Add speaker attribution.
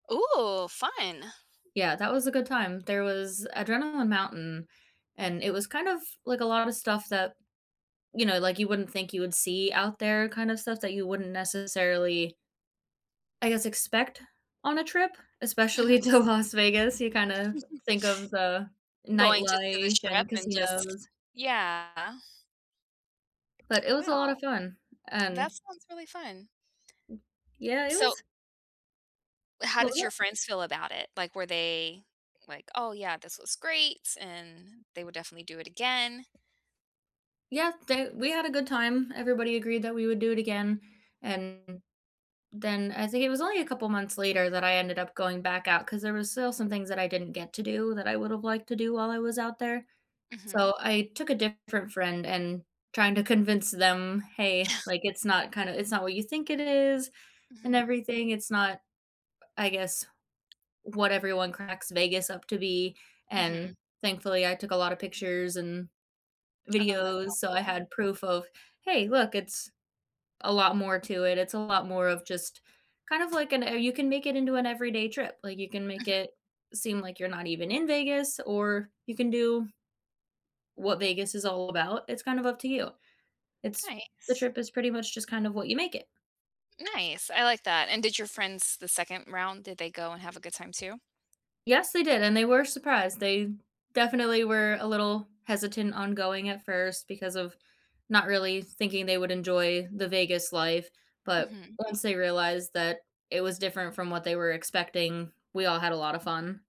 Speaker 1: Ooh, fun.
Speaker 2: Yeah, that was a good time. There was Adrenaline Mountain, and it was kind of, like a lot of stuff that, you know, like, you wouldn't think you would see out there kind of stuff that you wouldn't necessarily I guess, expect on a trip, especially
Speaker 1: Mhm.
Speaker 2: to Las Vegas. You, kind of, think of the
Speaker 1: Going to to the
Speaker 2: nightlife
Speaker 1: strip
Speaker 2: and
Speaker 1: and just
Speaker 2: casinos.
Speaker 1: yeah.
Speaker 2: But it was a lot
Speaker 1: Wow.
Speaker 2: of fun. And
Speaker 1: That sounds really fun.
Speaker 2: Yeah, it
Speaker 1: So
Speaker 2: was
Speaker 1: How
Speaker 2: What was
Speaker 1: did your
Speaker 2: that?
Speaker 1: friends feel about it? Like, were they, like, "Oh, yeah, this was greats," and, they would definitely do it again?
Speaker 2: Yet they we had a good time. Everybody agreed that we would do it again. And, then I think it was only a couple months later that I ended up going back out 'cause there was still some things that I didn't get to do that I would have liked to do while I was out there.
Speaker 1: Mhm.
Speaker 2: So, I took a different friend, and trying to convince them, "Hey,"
Speaker 1: Yeah.
Speaker 2: like, "it's not kinda it's not what you think it is, and
Speaker 1: Mhm.
Speaker 2: everything, it's not, I guess, what everyone cracks Vegas up to be."
Speaker 1: Mhm.
Speaker 2: And, thankfully I took a lot of pictures and,
Speaker 1: Oh, that's
Speaker 2: videos. So, I
Speaker 1: helpful.
Speaker 2: had proof of, "Hey, look, it's a lot more to it. It's a lot more of just" kind of like an, "Oh, you can make it into an everyday trip." Like, you can make
Speaker 1: Mhm.
Speaker 2: it seem like you're not even in Vegas, or you can do what Vegas is all about, it's kind of up to you. It's the
Speaker 1: Nice.
Speaker 2: trip is pretty much just kind of what you make it.
Speaker 1: Nice, I like that. And did your friends, the 2nd round, did they go and have a good time too?
Speaker 2: Yes, they did and they were surprised. They definitely were a little hesitant ongoing at first because of not really thinking they would enjoy the Vegas life. But,
Speaker 1: Mhm.
Speaker 2: once they realized that it was different from what they were expecting, we all had a lot of fun.